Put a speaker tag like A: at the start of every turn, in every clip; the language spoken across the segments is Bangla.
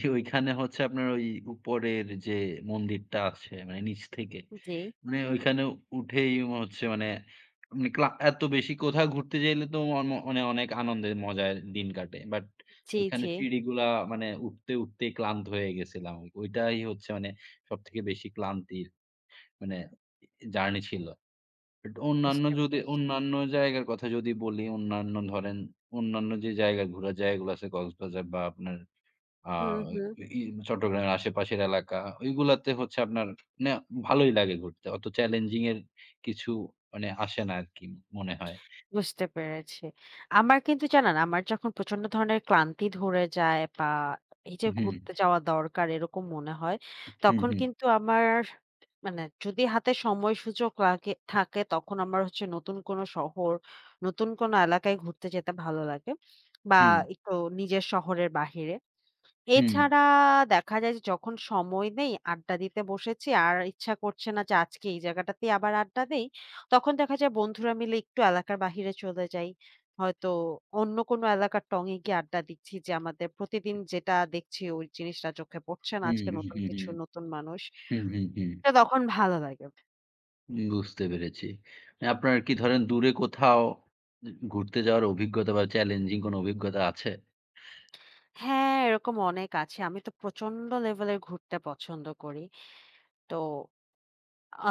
A: জি, ওইখানে হচ্ছে আপনার ওই উপরের যে, মন্দিরটা আছে মানে নিচ থেকে।
B: উ জি।
A: মানে ওইখানে উঠেই ম হচ্ছে মানে [unintelligible] এত বেশি কোথাও ঘুরতে যাইলে তো অ ম মানে অনেক আনন্দের মজায় দিন কাটে। বাট
B: জি,
A: ওখানে
B: জি।
A: সিঁড়িগুলা মানে উঠতে, উঠতেই ক্লান্ত হয়ে গেছিলাম। ওইটাই হচ্ছে মানে সবথেকে বেশি ক্লান্তির মানে এ জার্নি ছিল। বাট অন্যান্য
B: বুঝতে
A: যদি,
B: পেরেছি।
A: অন্যান্য জায়গার কথা যদি বলি অন্যান্য ধরেন, অন্যান্য যে, জায়গা ঘুরার জায়গাগুলো আছে কক্সবাজার বা আপনার আ
B: হুম, হুম।
A: ই চট্টগ্রামের আশেপাশের এলাকা। ঐগুলাতে হচ্ছে আপনার নে ভালোই লাগে ঘুরতে। অত চ্যালেঞ্জিং এর কিছু মানে আসে না আরকি মনে হয়।
B: বুঝতে পেরেছি। আমার কিন্তু জানেন আমার যখন প্রচন্ড ধরনের ক্লান্তি ধরে যায়। বা এই যে,
A: হুম।
B: ঘুরতে যাওয়া দরকার এরকম মনে হয়।
A: উ হু,
B: তখন
A: হুম।
B: কিন্তু আমার মানে যদি হাতে সময় সুযোগ লাগে থাকে তখন আমার হচ্ছে নতুন কোনো শহর, নতুন কোনো এলাকায় ঘুরতে যেতে ভালো লাগে। বা
A: হুম।
B: একটু নিজের শহরের বাহিরে।
A: হুম।
B: এছাড়া দেখা যায় যে, যখন সময় নেই আড্ডা দিতে বসেছি। আর ইচ্ছা করছে না যে, আজকে এই জায়গাটাতেই আবার আড্ডা দেই। তখন দেখা যায় বন্ধুরা মিলে একটু এলাকার বাহিরে চলে যাই। হয়তো অন্য কোনো এলাকার টঙে গিয়ে আড্ডা দিচ্ছি যে, আমাদের প্রতিদিন যেটা দেখছি, ওই জিনিসটা চোখে পড়ছে না
A: হু,
B: আজকে
A: হু,
B: নতুন
A: হু,
B: কিছু
A: হুম।
B: নতুন মানুষ।
A: হু, হু, হুম।
B: তো তখন ভালো লাগে।
A: বুঝতে পেরেছি। আপনার কি ধরেন দূরে কোথাও ঘুরতে যাওয়ার অভিজ্ঞতা বা চ্যালেঞ্জিং কোনো অভিজ্ঞতা আছে?
B: হ্যাঁ, এরকম অনেক আছে। আমি তো প্রচন্ড লেভেল এ ঘুরতে পছন্দ করি। তো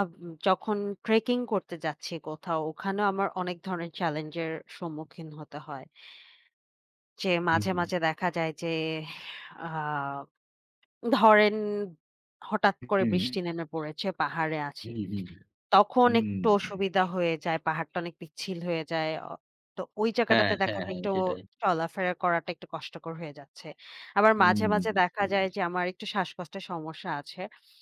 B: আব যখন ট্রেকিং করতে যাচ্ছি কোথাও। ওখানেও আমার অনেক ধরনের চ্যালেঞ্জের সম্মুখীন হতে হয় যে
A: হু,
B: মাঝে,
A: হুম।
B: মাঝে দেখা যায় যে, আ ধরেন হঠাৎ
A: উ
B: করে
A: হুম।
B: বৃষ্টি নেমে পড়েছে। পাহাড়ে আছি।
A: হুম,
B: তখন
A: হুম,
B: একটু
A: হুম।
B: অসুবিধা হয়ে যায়। পাহাড়টা অনেক পিচ্ছিল হয়ে যায়। অ তো ওই
A: হ্যাঁ,
B: জায়গাটাতে দেখা
A: হ্যাঁ,
B: যায়
A: হ্যাঁ,
B: একটু
A: সেটাই।
B: চলাফেরা করাটা একটু কষ্টকর হয়ে যাচ্ছে। আবার
A: হুম।
B: মাঝে, মাঝে
A: বুঝতে
B: দেখা যায়
A: পেরেছি।
B: যে, আমার একটু শ্বাসকষ্টের সমস্যা আছে।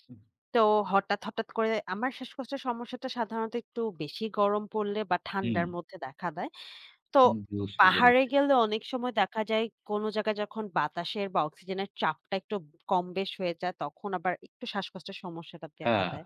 A: হুম।
B: তো হঠাৎ, হঠাৎ করে আমার শ্বাসকষ্টের সমস্যাটা সাধারণত একটু বেশি গরম পড়লে বা ঠান্ডার
A: হুম।
B: মধ্যে দেখা দেয়। তো
A: উম বুঝতে
B: পাহাড়ে
A: পেরেছি।
B: গেলে অনেক সময় দেখা যায় কোনো জায়গায় যখন বাতাসের বা অক্সিজেনের চাপটা একটু কম-বেশ হয়ে যায় তখন আবার একটু শ্বাসকষ্টের সমস্যাটা দেখা
A: হ্যাঁ।
B: দেয়।